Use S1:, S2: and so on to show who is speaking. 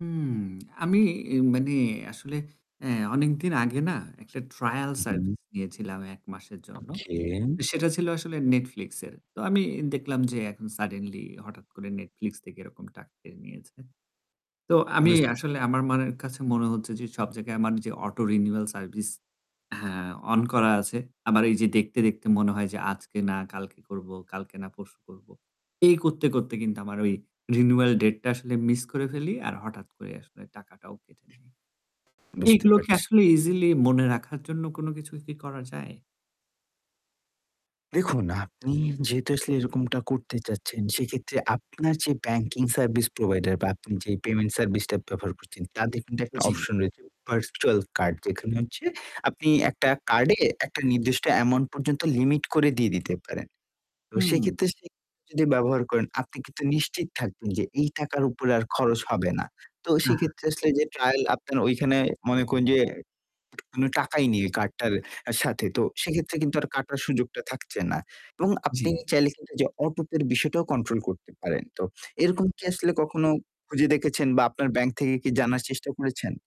S1: হুম, আমি মানে আসলে অ্যা অনেকদিন আগে না একটা ট্রায়াল
S2: উ হু।
S1: সার্ভিস নিয়েছিলাম ১ মাসের জন্য।
S2: ওকে।
S1: সেটা ছিলো আসলে Netflix এর, তো আমি দেখলাম যে এখন সাডেনলি হঠাৎ করে Netflix থেকে এরকম টাকা কেটে নিয়েছে। তো আমি
S2: বুঝতে পেরেছি।
S1: আসলে আমার মনের কাছে মনে হচ্ছে যে সব জায়গায় আমার যে অটো রিনিউয়াল সার্ভিস হ্যাঁ, অন করা আছে। আমার এই যে দেখতে, দেখতে মনে হয় যে আজকে না কালকে করবো, কালকে না পরশু করবো। এই করতে, করতে কিন্তু আমার ওই রিনিউয়াল ডেটটা আসলে মিস করে ফেলি আর হঠাৎ করে আসলে টাকাটাও কেটে নেয়।
S2: বুঝতে
S1: এগুলোকে
S2: পারছি।
S1: আসলে ইজিলি মনে রাখার জন্য কোন কিছু কি করা যায়?
S2: দেখুন, আপনি যেহেতু আসলে এরকমটা করতে চাচ্ছেন সেক্ষেত্রে আপনার যে ব্যাংকিং সার্ভিস প্রোভাইডার বা আপনি যে পেমেন্ট সার্ভিসটা ব্যবহার করছেন, তাদের কিন্তু একটা
S1: জি।
S2: অপশন রয়েছে ভার্চুয়াল কার্ড যেখানে হচ্ছে আপনি একটা কার্ডে একটা নির্দিষ্ট অ্যামাউন্ট পর্যন্ত লিমিট করে দিয়ে দিতে পারেন। এবং
S1: হু।
S2: সেইক্ষেত্রে সে যদি ব্যবহার করেন আপনি কিন্তু নিশ্চিত থাকবেন যে এই টাকার উপরে আর খরচ হবে না। তো সেক্ষেত্রে আসলে
S1: [unintelligible]
S2: যে ট্রায়াল আপনার ওইখানে মনে করুন যে কোনো টাকাই নেই এই কার্ডটার সাথে। তো সেক্ষেত্রে কিন্তু আর কাটার সুযোগটা থাকছে না। এবং আপনি
S1: জি।
S2: চাইলে কিন্তু যে অটো পের বিষয়টাও কন্ট্রোল করতে পারেন। তো এরকম কি আসলে কখনো খুঁজে দেখেছেন বা আপনার ব্যাংক থেকে কি জানার চেষ্টা করেছেন?